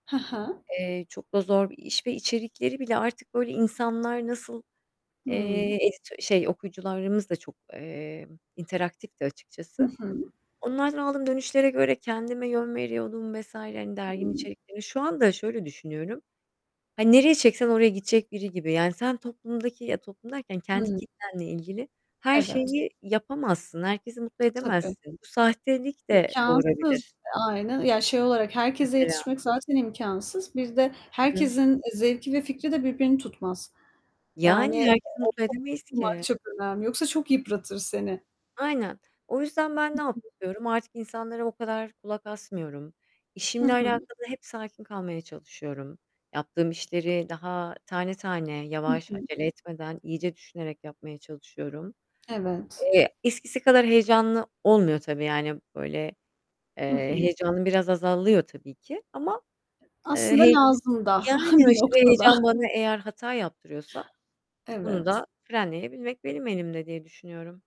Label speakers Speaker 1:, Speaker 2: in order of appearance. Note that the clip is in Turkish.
Speaker 1: Hı hı.
Speaker 2: Eee, çok da zor bir iş ve içerikleri bile artık, böyle, insanlar nasıl, eee,
Speaker 1: Hımm.
Speaker 2: editö şey, okuyucularımız da çok, eee, interaktifti
Speaker 1: Hı
Speaker 2: açıkçası.
Speaker 1: hı.
Speaker 2: Onlardan aldığım dönüşlere göre kendime yön veriyordum vs. hani, derginin
Speaker 1: Hımm.
Speaker 2: içerikleri Şu anda şöyle düşünüyorum. Hani, nereye çeksen oraya gidecek biri gibi, yani, sen toplumdaki ya, toplum derken kendi
Speaker 1: Hı.
Speaker 2: kitlenle ilgili her
Speaker 1: Evet.
Speaker 2: şeyi yapamazsın. Herkesi mutlu
Speaker 1: Tabii.
Speaker 2: edemezsin. Bu sahtelik de doğurabilir.
Speaker 1: İmkânsız. Aynen, ya, şey olarak, herkese
Speaker 2: Mesela.
Speaker 1: yetişmek zaten imkânsız. Bir de
Speaker 2: Hı hı.
Speaker 1: herkesin, eee, zevki ve fikri de birbirini tutmaz.
Speaker 2: Yani,
Speaker 1: Yani,
Speaker 2: herkesi
Speaker 1: o
Speaker 2: mutlu
Speaker 1: çok
Speaker 2: edemeyiz
Speaker 1: bunlar
Speaker 2: ki.
Speaker 1: çok önemli, yoksa çok yıpratır seni.
Speaker 2: Aynen. O yüzden ben
Speaker 1: Hı
Speaker 2: ne
Speaker 1: hı.
Speaker 2: yapıyorum? Artık insanlara o kadar kulak asmıyorum.
Speaker 1: Hı
Speaker 2: İşimle
Speaker 1: hı.
Speaker 2: alakalı hep sakin kalmaya çalışıyorum. Yaptığım işleri daha tane tane,
Speaker 1: Hı
Speaker 2: yavaş,
Speaker 1: hı.
Speaker 2: acele etmeden, iyice düşünerek yapmaya çalışıyorum.
Speaker 1: Evet.
Speaker 2: Eee, eskisi kadar heyecanlı olmuyor tabii, yani böyle,
Speaker 1: Hı
Speaker 2: eee,
Speaker 1: hı.
Speaker 2: heyecanın biraz azalıyor tabii ki ama, eee
Speaker 1: Aslında
Speaker 2: [unintelligible]
Speaker 1: lazım da
Speaker 2: yani,
Speaker 1: bir
Speaker 2: aşırı
Speaker 1: noktada.
Speaker 2: heyecan bana eğer hata yaptırıyorsa bunu
Speaker 1: Evet.
Speaker 2: da frenleyebilmek benim elimde diye düşünüyorum.